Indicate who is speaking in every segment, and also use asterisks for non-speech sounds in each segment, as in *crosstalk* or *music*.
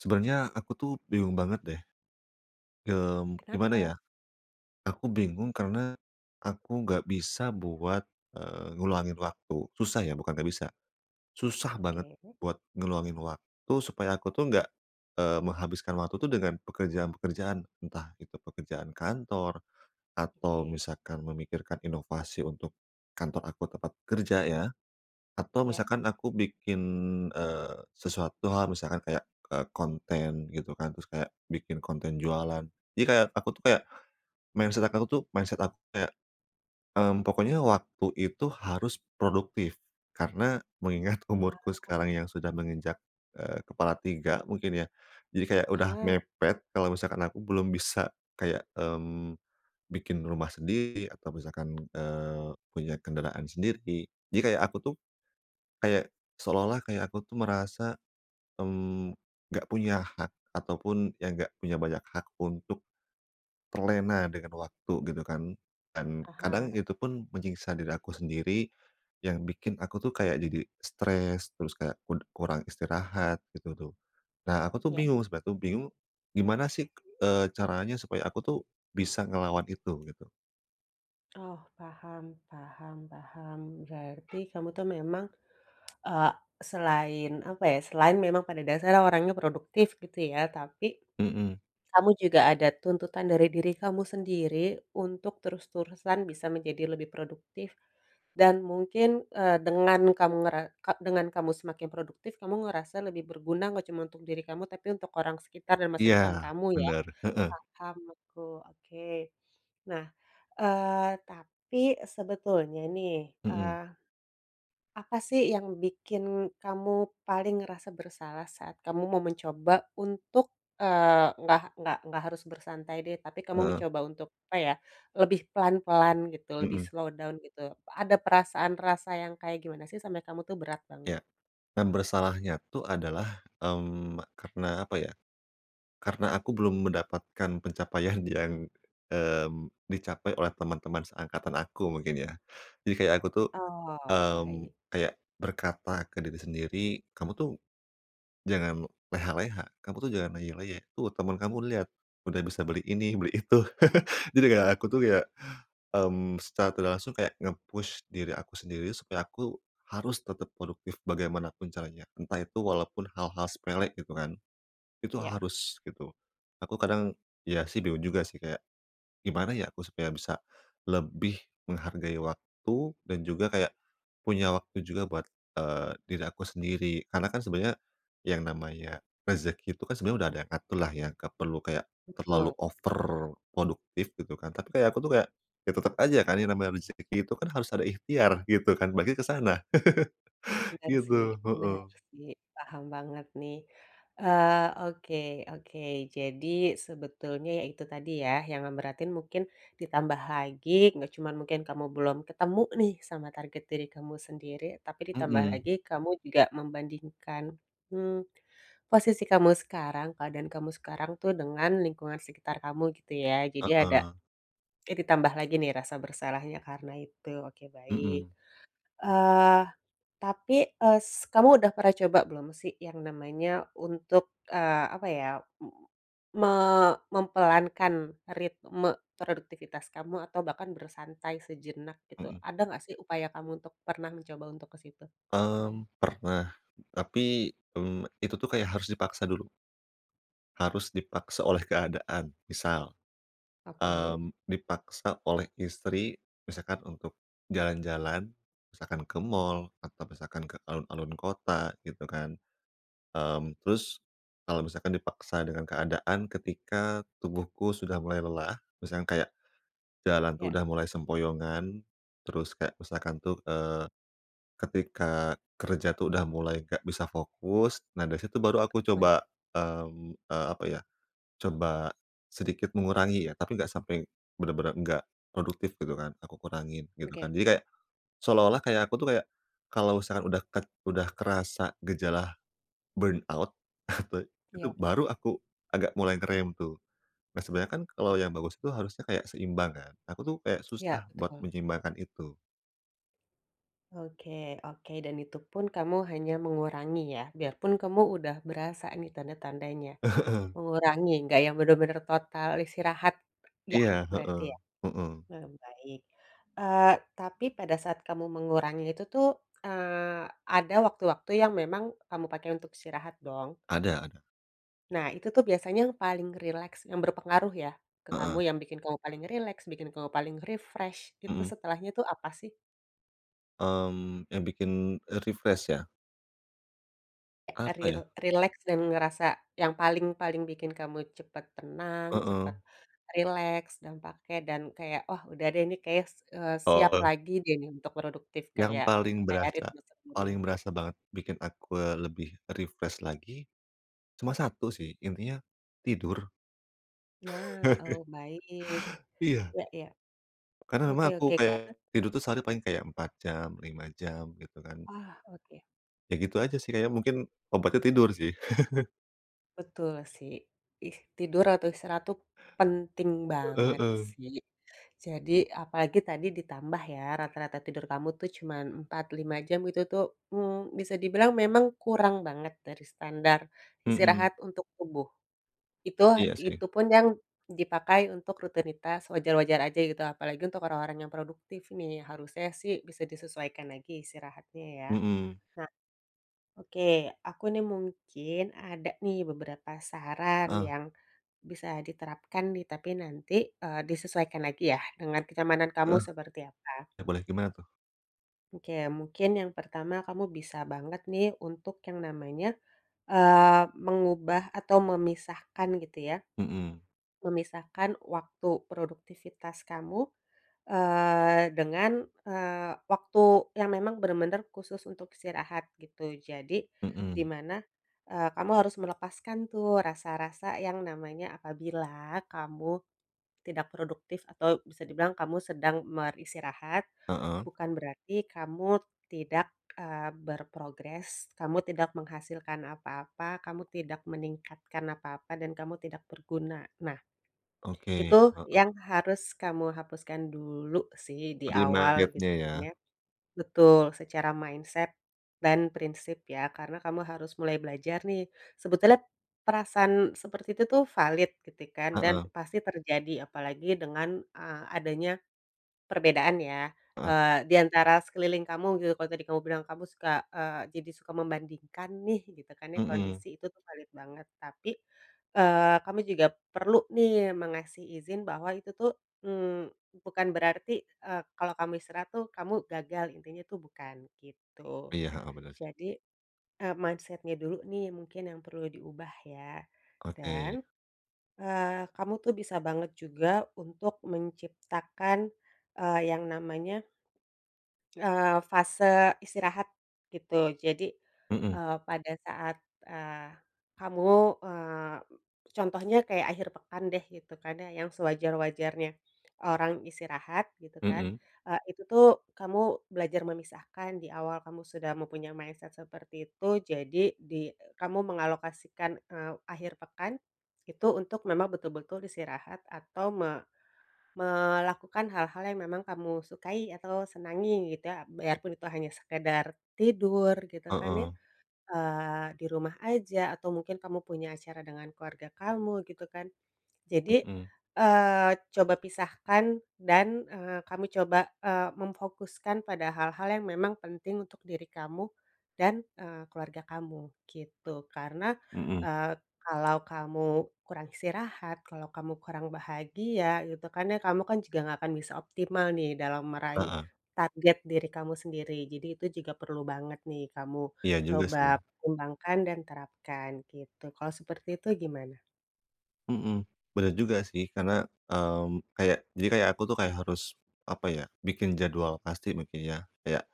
Speaker 1: Sebenarnya aku tuh bingung banget deh. Mmm, gimana ya.
Speaker 2: Kenapa?
Speaker 1: Aku bingung karena, aku nggak bisa buat, eee, ngulangin waktu. Susah ya, bukan nggak bisa, susah banget,
Speaker 2: Oke.
Speaker 1: buat ngeluangin waktu supaya aku tuh, nggak, eee, menghabiskan waktu tuh dengan pekerjaan-pekerjaan. Entah itu pekerjaan kantor, atau
Speaker 2: Oke.
Speaker 1: misalkan memikirkan inovasi untuk kantor aku, tempat kerja ya. Atau
Speaker 2: Iya.
Speaker 1: misalkan aku bikin, eee, sesuatu hal, misalkan kayak, eee, konten gitu kan, terus kayak bikin konten jualan. Jadi, kayak aku tuh, kayak, mindset aka ku tuh, mindset aku kayak, mmm, pokoknya waktu itu, harus produktif, karena mengingat umurku
Speaker 2: Ah.
Speaker 1: sekarang yang sudah menginjak, eee, kepala 3 mungkin ya. Jadi kayak, sudah
Speaker 2: Aha.
Speaker 1: mepet, kalau misalkan aku belum bisa kayak, mmm, bikin rumah sendiri atau misalkan, eee, punya kendaraan sendiri. Jadi, kayak aku tuh, kayak, seolah-olah kayak aku tuh, merasa, mmm, nggak punya hak, ataupun ya nggak punya banyak hak, untuk terlena dengan waktu, gitu kan. Dan kadang
Speaker 2: Aha.
Speaker 1: itu pun menyiksa diri aku sendiri yang bikin aku tuh kayak jadi stres, terus kayak kurang istirahat, gitu tuh. Nah, aku tuh
Speaker 2: Iya.
Speaker 1: bingung, sempat tuh bingung, gimana sih eee, caranya supaya aku tuh, bisa ngelawan itu, gitu.
Speaker 2: Oh, paham paham paham. Berarti kamu tuh, memang eee, selain apa ya, selain memang pada dasarnya orangnya produktif, gitu ya. Tapi,
Speaker 1: Mhm.
Speaker 2: kamu juga ada tuntutan dari diri kamu sendiri, untuk terus-terusan bisa menjadi lebih produktif, dan mungkin, eee, dengan kamu ngera ka dengan kamu semakin produktif, kamu ngerasa lebih berguna, nggak cuma untuk diri kamu, tapi untuk orang sekitar dan masa depan
Speaker 1: Iya
Speaker 2: kamu, ya.
Speaker 1: bener, heeh.
Speaker 2: Paham aku, oke. Nah, eee, tapi sebetulnya nih,
Speaker 1: Mhm.
Speaker 2: eee, apa sih, yang bikin kamu paling ngerasa bersalah, saat kamu mau mencoba untuk, eee, nggak nggak nggak harus bersantai deh, tapi kamu
Speaker 1: Heeh.
Speaker 2: mencoba untuk, apa ya, lebih pelan-pelan, gitu, lebih
Speaker 1: Mhm.
Speaker 2: slow down, gitu, ada perasaan rasa yang kayak gimana sih sampai kamu tuh berat banget?
Speaker 1: Iya, dan bersalahnya tuh adalah, mmm, karena apa ya, karena aku belum mendapatkan pencapaian yang, mmm, dicapai oleh teman-teman seangkatan aku mungkin ya. Jadi kayak aku tuh,
Speaker 2: Oh,
Speaker 1: mmm,
Speaker 2: baik.
Speaker 1: kayak berkata ke diri sendiri, “Kamu tuh, jangan leha-leha, kamu tuh jangan leyeh-leyeh, tuh, teman kamu lihat, sudah bisa beli ini, beli itu." *chuckles* Jadi kayak, aku tuh, ya, mmm, secara tidak langsung kayak, nge-push diri aku sendiri supaya aku harus tetap produktif bagaimanapun caranya, entah itu walaupun hal-hal sepele, gitu kan. Itu
Speaker 2: Iya.
Speaker 1: harus, gitu. Aku kadang, ya, sih bingung juga sih, kayak gimana ya, supaya aku bisa, lebih menghargai waktu dan juga kayak, punya waktu juga buat, eee, diri aku sendiri. Karena kan, sebenarnya yang namanya rezeki itu, kan, sebenarnya sudah ada yang ngatur lah, ya, nggak perlu kayak terlalu
Speaker 2: Betul.
Speaker 1: over produktif, gitu kan. Tapi kayak, aku tuh kayak, ya tetap saja kan, yang namanya rezeki itu kan, harus ada ikhtiar, gitu kan. Berarti ke sana, *chuckles*
Speaker 2: Bener
Speaker 1: Gitu,
Speaker 2: sih bener
Speaker 1: heeh.
Speaker 2: sih, paham banget nih. Eee, oke oke, jadi sebetulnya ya, itu tadi ya, yang ngeberatin mungkin ditambah lagi nggak cuma mungkin kamu belum ketemu nih, sama target diri kamu sendiri, tapi ditambah
Speaker 1: Mhm.
Speaker 2: lagi kamu juga membandingkan, mmm, posisi kamu sekarang, keadaan kamu sekarang tuh dengan lingkungan sekitar kamu, gitu ya. Jadi ada,
Speaker 1: Heeh.
Speaker 2: eh, ditambah lagi nih rasa bersalahnya, karena itu, oke baik.
Speaker 1: Mhm.
Speaker 2: Eee, tapi, eee, s kamu sudah pernah coba belum sih, yang namanya untuk, eee, apa ya, m me mempelankan ritme produktivitas kamu atau bahkan bersantai sejenak, gitu.
Speaker 1: Mhm.
Speaker 2: Ada nggak sih, upaya kamu, untuk pernah mencoba untuk ke situ?
Speaker 1: Mmm, pernah, tapi, mmm, itu tuh kayak harus dipaksa dulu. Harus dipaksa oleh keadaan. Misal,
Speaker 2: Oke.
Speaker 1: mmm, dipaksa oleh istri, misalkan untuk jalan-jalan, misalkan ke mall atau misalkan ke alun-alun kota, gitu kan. Mmm, terus, kalau misalkan dipaksa dengan keadaan ketika tubuhku sudah mulai lelah, misalnya kayak, jalan tuh,
Speaker 2: Yak.
Speaker 1: sudah mulai sempoyongan, terus kayak misalkan tuh, eee, ketika kerja tuh, sudah mulai nggak bisa fokus. Nah, dari situ baru aku
Speaker 2: Heeh.
Speaker 1: coba, mmm, eee, apa ya, coba sedikit mengurangi ya. Tapi nggak sampai, benar-benar nggak produktif, gitu kan, aku kurangin gitu
Speaker 2: Oke.
Speaker 1: kan. Jadi kayak, seolah-olah kayak aku tuh, kayak, kalau misalkan udah kek sudah kerasa gejala, burnout. *chuckles* Te itu
Speaker 2: Iya.
Speaker 1: baru aku agak mulai ngerem, tuh. Nah, sebenarnya kan, kalau yang bagus itu, harusnya kayak seimbang, kan. Aku tuh kayak,
Speaker 2: Iya,
Speaker 1: susah buat
Speaker 2: betul.
Speaker 1: menyeimbangkan itu.
Speaker 2: Oke oke, dan itu pun kamu hanya mengurangi ya, biarpun kamu udah berasa nih, tanda-tandanya.
Speaker 1: Heeh.
Speaker 2: Mengurangi, nggak yang benar-benar total istirahat yah,
Speaker 1: Iya,
Speaker 2: berarti
Speaker 1: heeh,
Speaker 2: ya?
Speaker 1: mhm.
Speaker 2: mmm, baik. Eee, tapi pada saat kamu mengurangi itu tuh, eee, ada waktu-waktu yang memang kamu pakai untuk istirahat, dong?
Speaker 1: Ada ada.
Speaker 2: Nah, itu tuh, biasanya yang paling rileks yang berpengaruh ya, ke
Speaker 1: Heeh.
Speaker 2: kamu, yang bikin kamu paling rileks, bikin kamu paling refresh, itu
Speaker 1: Mhm.
Speaker 2: setelahnya tuh, apa sih?
Speaker 1: Mmm, yang bikin, e refresh ya?
Speaker 2: Eee,
Speaker 1: Apa
Speaker 2: ril
Speaker 1: ya?
Speaker 2: rileks dan ngerasa yang paling paling bikin kamu cepat tenang, cepat
Speaker 1: Heeh.
Speaker 2: rileks, dan pake dan kayak, oh, sudah deh, ini kayaknya, s eee, siap
Speaker 1: Oh.
Speaker 2: lagi deh, ini untuk produktif,
Speaker 1: Yang
Speaker 2: kayak
Speaker 1: paling
Speaker 2: kayak
Speaker 1: berasa
Speaker 2: ritme sebelumnya.
Speaker 1: paling berasa banget, bikin aku, eee, lebih refresh lagi, cuma satu sih, intinya tidur.
Speaker 2: Nah, oh baik.
Speaker 1: *laughs* Iya.
Speaker 2: Ya ya,
Speaker 1: Karena
Speaker 2: oke
Speaker 1: memang, aku
Speaker 2: oke, karena
Speaker 1: kayak, tidur tuh, sehari paling kayak 4 jam, 5 jam, gitu kan.
Speaker 2: Wah, oke.
Speaker 1: Ya, gitu aja sih, kayaknya mungkin obatnya tidur sih. *chuckles*
Speaker 2: Betul sih. Ih, tidur atau istirahat itu penting banget
Speaker 1: Heeh.
Speaker 2: sih. Jadi, apalagi tadi ditambah, ya, rata-rata tidur kamu itu cuma 4, 5 jam, itu tuh, mmm, bisa dibilang memang kurang banget dari standar
Speaker 1: Mhm.
Speaker 2: istirahat untuk tubuh. Itu
Speaker 1: Iya sih.
Speaker 2: itu pun yang dipakai untuk rutinitas, wajar-wajar saja, gitu, apalagi untuk orang-orang yang produktif nih, harusnya sih, bisa disesuaikan lagi istirahatnya, ya.
Speaker 1: Mhm.
Speaker 2: Nah oke, aku nih mungkin ada nih, beberapa saran
Speaker 1: Heeh.
Speaker 2: yang bisa diterapkan nih, tapi nanti, eee, disesuaikan lagi ya, dengan kenyamanan kamu
Speaker 1: Heeh.
Speaker 2: seperti apa.
Speaker 1: Ya boleh, gimana tuh?
Speaker 2: Oke, mungkin yang pertama, kamu bisa banget nih, untuk yang namanya, eee, mengubah atau memisahkan gitu ya.
Speaker 1: Mhm.
Speaker 2: Memisahkan waktu produktivitas kamu, eee, dengan, eee, waktu yang memang benar-benar khusus untuk istirahat, gitu. Jadi, di
Speaker 1: Mhm.
Speaker 2: mana, eee, kamu harus melepaskan tuh, rasa-rasa yang namanya, apabila kamu tidak produktif, atau bisa dibilang kamu sedang beristirahat,
Speaker 1: Heeh.
Speaker 2: bukan berarti kamu tidak, eee, berprogres, kamu tidak menghasilkan apa-apa, kamu tidak meningkatkan apa-apa, dan kamu tidak berguna. Nah,
Speaker 1: Oke,
Speaker 2: itu yang
Speaker 1: heeh.
Speaker 2: harus kamu hapuskan dulu sih, di
Speaker 1: Terima
Speaker 2: awal,
Speaker 1: gapnya, ya.
Speaker 2: gitunya. Betul, secara mindset dan prinsip, ya. Karena, kamu harus mulai belajar nih, sebetulnya perasaan seperti itu tuh, valid gitu kan, dan
Speaker 1: Heeh.
Speaker 2: pasti terjadi, apalagi dengan, eee, adanya perbedaan ya.
Speaker 1: Heeh.
Speaker 2: Eee, di antara sekeliling kamu gitu, kalau tadi kamu bilang, kamu suka, eee, jadi suka membandingkan nih, gitu kan,
Speaker 1: Mhm.
Speaker 2: kondisi itu tuh, valid banget. Tapi, eee, kamu juga perlu nih, mengasih izin bahwa itu tuh, mmm, bukan berarti, eee, kalau kamu istirahat tuh, kamu gagal, intinya tuh, bukan gitu.
Speaker 1: Iya, heeh, bener sih.
Speaker 2: Jadi, eee, mindset-nya dulu nih, mungkin, yang perlu diubah, ya.
Speaker 1: Oke.
Speaker 2: Dan, eee, kamu tuh bisa banget juga, untuk menciptakan, eee, yang namanya eee, fase istirahat, gitu. Jadi,
Speaker 1: Mhm.
Speaker 2: eee, pada saat, eee, kamu, eee, contohnya kayak akhir pekan deh, gitu kan, ya, yang sewajar-wajarnya orang istirahat, gitu kan,
Speaker 1: Mhm.
Speaker 2: eee, itu tuh, kamu belajar memisahkan, di awal kamu sudah mempunyai mindset seperti itu, jadi, di kamu mengalokasikan, eee, akhir pekan, itu untuk memang betul-betul istirahat atau me melakukan hal-hal yang memang kamu sukai atau senangi, gitu ya. Biarpun itu, hanya sekadar tidur, gitu kan ya,
Speaker 1: Heeh.
Speaker 2: eee, di rumah saja atau mungkin kamu punya acara dengan keluarga kamu, gitu kan. Jadi,
Speaker 1: Mhm.
Speaker 2: eee, coba pisahkan dan, eee, kamu coba, eee, memfokuskan pada hal-hal yang memang penting untuk diri kamu, dan, eee, keluarga kamu, gitu. Karena,
Speaker 1: Mhm.
Speaker 2: eee, kalau kamu kurang istirahat, kalau kamu kurang bahagia, gitu, kan ya, kamu kan, juga nggak akan bisa optimal nih, dalam meraih
Speaker 1: Heeh.
Speaker 2: target diri kamu sendiri. Jadi, itu juga perlu banget nih, kamu
Speaker 1: Iya, juga
Speaker 2: coba
Speaker 1: sih.
Speaker 2: pertimbangkan dan terapkan gitu. Kalau seperti itu, gimana?
Speaker 1: Mhm, bener juga sih. Karena, mmm, kayak, jadi kayak aku tuh kayak harus, apa ya, bikin jadwal pasti mungkin ya? Kayak,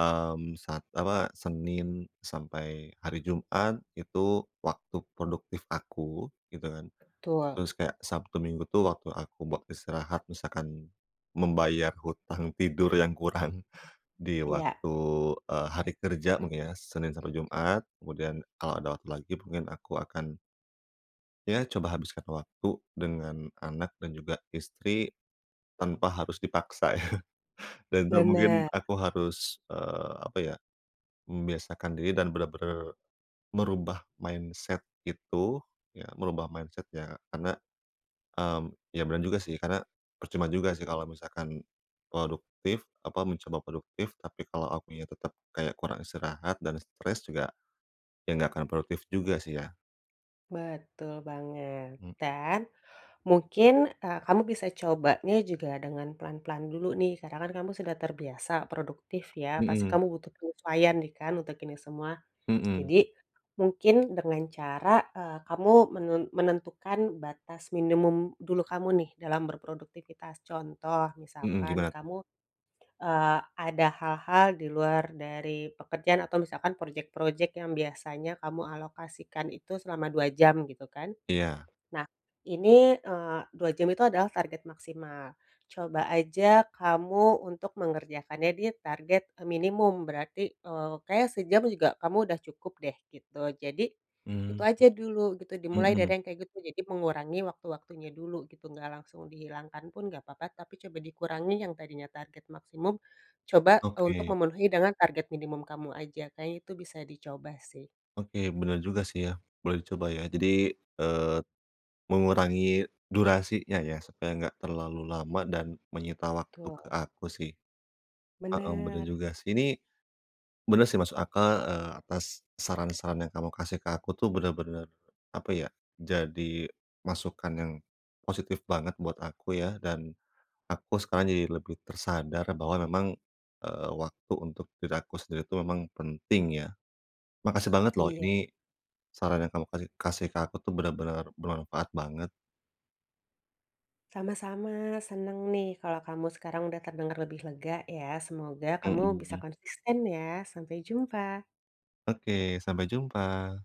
Speaker 1: mmm, sat apa, Senin sampai hari Jumat itu waktu produktif aku gitu kan,
Speaker 2: Betul.
Speaker 1: terus kayak Sabtu Minggu tuh waktu aku buat istirahat misalkan membayar hutang tidur yang kurang di
Speaker 2: Iya.
Speaker 1: waktu, eee, hari kerja mungkin ya. Senin sampai Jumat, kemudian kalau ada waktu lagi mungkin aku akan ya, coba habiskan waktu dengan anak dan juga istri tanpa harus dipaksa ya. *chuckles* Dan itu mungkin
Speaker 2: Bener.
Speaker 1: aku harus, eee, apa ya, membiasakan diri dan bener-bener merubah mindset itu, ya merubah mindset-nya karena, mmm, ya benar juga sih, karena percuma juga sih kalau misalkan produktif, apa, mencoba produktif, tapi kalau akunya tetap kayak kurang istirahat dan stres juga, ya enggak akan produktif juga sih, ya?
Speaker 2: Betul banget.
Speaker 1: Mmm.
Speaker 2: Dan, mungkin, eee, kamu bisa cobanya juga dengan pelan-pelan dulu nih, karena kan kamu sudah terbiasa produktif ya, pasti
Speaker 1: Mhm.
Speaker 2: kamu butuh penyesuaian nih kan untuk ini semua?
Speaker 1: Mhm.
Speaker 2: Jadi, mungkin dengan cara, eee, kamu menun menentukan batas minimum dulu kamu nih dalam berproduktivitas. Contoh
Speaker 1: Mhm,
Speaker 2: misalkan
Speaker 1: gimana tuh?
Speaker 2: kamu, eee, ada hal-hal di luar dari pekerjaan atau misalkan project-project yang biasanya kamu alokasikan itu selama 2 jam gitu kan.
Speaker 1: Iya.
Speaker 2: Nah ini, eee, 2 jam itu adalah target maksimal. Coba aja kamu untuk mengerjakannya di target e minimum berarti, eee, kayaknya sejam juga kamu udah cukup deh gitu. Jadi itu
Speaker 1: Mmm.
Speaker 2: aja dulu gitu dimulai dari
Speaker 1: Mhm.
Speaker 2: yang kayak gitu. Jadi mengurangi waktu-waktunya dulu gitu, nggak langsung dihilangkan pun nggak papa, tapi coba dikurangi yang tadinya target maksimum coba untuk
Speaker 1: Oke.
Speaker 2: memenuhi dengan target minimum kamu aja, kayaknya itu bisa dicoba sih.
Speaker 1: Oke, bener juga sih ya. Boleh dicoba ya jadi, eee, mengurangi durasinya ya, supaya nggak terlalu lama dan menyita waktu ke
Speaker 2: Betul.
Speaker 1: aku sih. Heeh, benar
Speaker 2: Bener.
Speaker 1: juga sih. Ini, bener sih masuk akal, eee, atas saran-saran yang kamu kasih ke aku tuh benar-benar, apa ya, jadi masukan yang positif banget buat aku ya, dan aku sekarang jadi lebih tersadar bahwa memang, eee, waktu untuk diri aku sendiri itu memang penting ya. Makasih banget loh,
Speaker 2: Iya.
Speaker 1: ini saran yang kamu kasi kasih ke aku tuh benar-benar bermanfaat banget.
Speaker 2: Sama-sama. Senang nih kalau kamu sekarang udah terdengar lebih lega ya. Semoga kamu bisa
Speaker 1: Mhm.
Speaker 2: konsisten ya. Sampai jumpa.
Speaker 1: Oke, sampai jumpa!